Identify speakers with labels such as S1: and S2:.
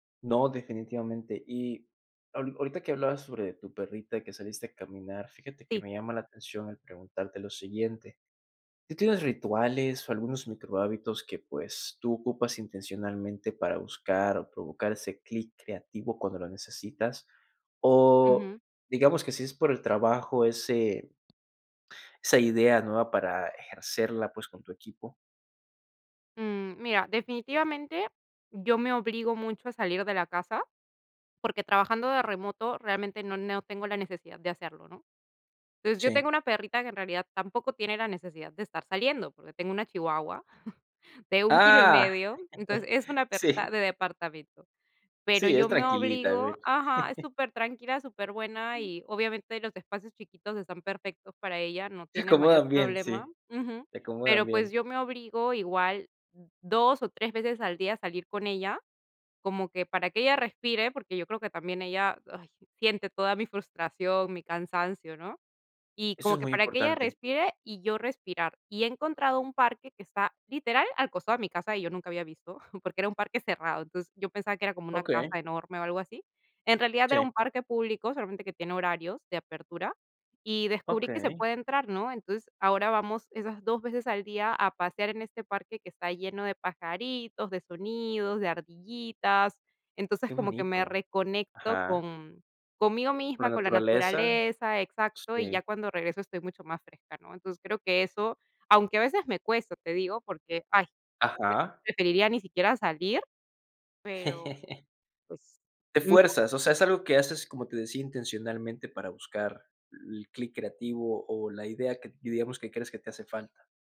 S1: No, definitivamente. Y ahor ahorita que hablabas sobre tu perrita que saliste a caminar, fíjate que
S2: Sí.
S1: me llama la atención el preguntarte lo siguiente, ¿tú tienes rituales o algunos microhábitos que, pues, tú ocupas intencionalmente para buscar o provocar ese clic creativo cuando lo necesitas? O,
S2: Ujú.
S1: digamos que, si es por el trabajo, ese esa idea nueva para ejercerla, pues, con tu equipo.
S2: Mm, mira, definitivamente yo me obligo mucho, a salir de la casa, porque, trabajando de remoto realmente, no no tengo la necesidad de hacerlo, ¿no? Entonces, yo tengo
S1: Sí.
S2: una perrita que en realidad tampoco tiene la necesidad de estar saliendo, porque tengo una chihuahua, de 1 kilo y
S1: Ah,
S2: medio. Entonces, es una perrita
S1: sí.
S2: de departamento. Pero
S1: Sí, es
S2: yo me
S1: tranquilita,
S2: obligo
S1: ve.
S2: ajá, es supertranquila, superbuena, y obviamente los espacios chiquitos están perfectos para ella, no
S1: Se
S2: tiene mayor
S1: acomodan bien.
S2: problema.
S1: Sí,
S2: Ujú,
S1: se acomodan
S2: pero, pues,
S1: bien.
S2: yo me obligo igual 2 o 3 veces al día a salir con ella, como que para que ella respire, porque yo creo que también ella, ay, siente toda mi frustración, mi cansancio, ¿no? Y
S1: Eso
S2: como
S1: es
S2: que
S1: muy
S2: para que ella
S1: importante.
S2: respire y yo respirar. Y he encontrado un parque que está literal al costado de mi casa, y yo nunca había visto, porque era un parque cerrado. Entonces yo pensaba que era como una casa
S1: Okey.
S2: enorme o algo así. En realidad era
S1: Sí.
S2: un parque público, solamente que tiene horarios de apertura, y descubrí que se
S1: Okey.
S2: puede entrar, ¿no? Entonces, ahora vamos esas 2 veces al día a pasear en este parque que está lleno de pajaritos, de sonidos, de ardillitas. Entonces,
S1: Qué
S2: como que me
S1: bonito.
S2: reconecto
S1: Ajá.
S2: con conmigo
S1: Con
S2: misma,
S1: la
S2: con la
S1: naturaleza.
S2: naturaleza, exacto, y ya
S1: Sí.
S2: cuando regreso estoy mucho más fresca, ¿no? Entonces creo que eso aunque a veces me cuesta, te digo, porque, ay,
S1: Ajá.
S2: [unintelligible] preferiría ni siquiera salir, pero pues
S1: Te
S2: [unintelligible]
S1: fuerzas, o sea, es algo que haces, como te decía, intencionalmente para buscar el clic creativo o la idea que, y digamos, que crees que te hace falta.